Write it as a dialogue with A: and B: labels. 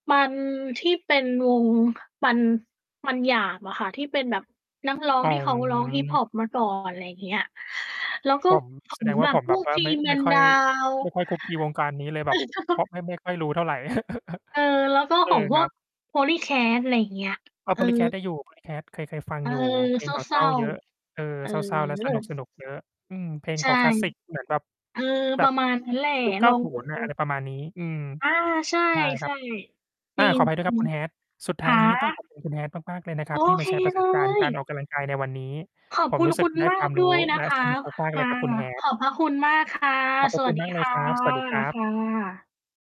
A: มัน ที่เป็นวง มัน มันหยาบอะค่ะ ที่เป็นแบบนัก ร้อง
B: อ๋อ
A: ที่เขาร้องฮิปฮอปมา ก่อน อะไรอย่างเงี้ย แล้วก็
B: ผม
A: อื้อ
B: แส
A: ฮื
B: ด
A: อ
B: งว
A: แ
B: ่
A: บ
B: า
A: บ
B: ผม
A: พ
B: แบ
A: ว
B: บ
A: ก
B: ว่าไม่
A: Three
B: ไม่
A: Man
B: ค่อย
A: Down
B: ไม่ค่อยคลุกคลีวงการนี้ เลยแบบ เพราะไม่ ไม่ค่อยรู้เท่าไร
A: เออ แล้วก็
B: เออ
A: ของพ
B: ค
A: ว
B: รั
A: ก
B: บ
A: Polycat อะไรอย่างเงี้ย
B: อะ
A: เออ
B: Polycat ได้อยู่ Polycat เคย เคยฟัง
A: เออ
B: อยู่ เพล
A: เ
B: งเขาเ
A: ศ
B: ศ
A: ร
B: ร
A: ้
B: ้า
A: า
B: เยอะ เออ
A: ๆ เอ
B: เศร้า ๆ และสน
A: อ
B: ุก ๆ เยอะ อืม เพลง
A: ใช
B: เข
A: ่
B: าคลาสสิกเหมือนแบบ
A: เออ
B: แบ
A: ปร
B: บ
A: ะมาณนั้นแหละ
B: ยุค เก
A: ล
B: ้า
A: อง
B: ศู
A: ด
B: นย์ น่ะ
A: ู
B: อะไร
A: ๆ
B: ประมาณนี้ อืม
A: อา ใช่
B: ใช่ครับ
A: ๆ จ
B: อ่
A: ร
B: า
A: ิง
B: ขออภัย
A: จ
B: ด้วย
A: ร
B: คร
A: ิ
B: ับค
A: ง
B: ุณ Hat สุดท
A: ฮ
B: ้า
A: ะ!
B: ยนี้ต้องขอบคุณ คุณ Hat มาก ๆ เลยนะค
A: โ
B: ร
A: อ
B: ับ ที่ม
A: เค
B: าแชร์ประ
A: เล
B: สบการณ์ก
A: ย
B: ารออกกำลังกายในวันนี้
A: ขอบ
B: ผ
A: ค
B: ม
A: ุณ
B: รู้ส
A: ค
B: ึ
A: ุ
B: ก
A: ณ
B: ได้
A: มา
B: ควา
A: ก
B: ม
A: ด
B: รู
A: ้ว
B: ้
A: ยน
B: แ
A: ะ
B: ละ
A: ค
B: ส
A: ะ
B: นุกมาก ๆ
A: ค
B: เล
A: ่ะ
B: ยครับคุณ
A: ข
B: Hat
A: อบพระคุณมาก ค่ะ
B: ขอบพ
A: ส
B: ระ
A: ว
B: ค
A: ั
B: ุ
A: ส
B: ณ
A: ดี
B: มากเ
A: ค
B: ลย
A: ่ะ
B: ครับ สวัสดีครั
A: ค
B: บ
A: ่ะ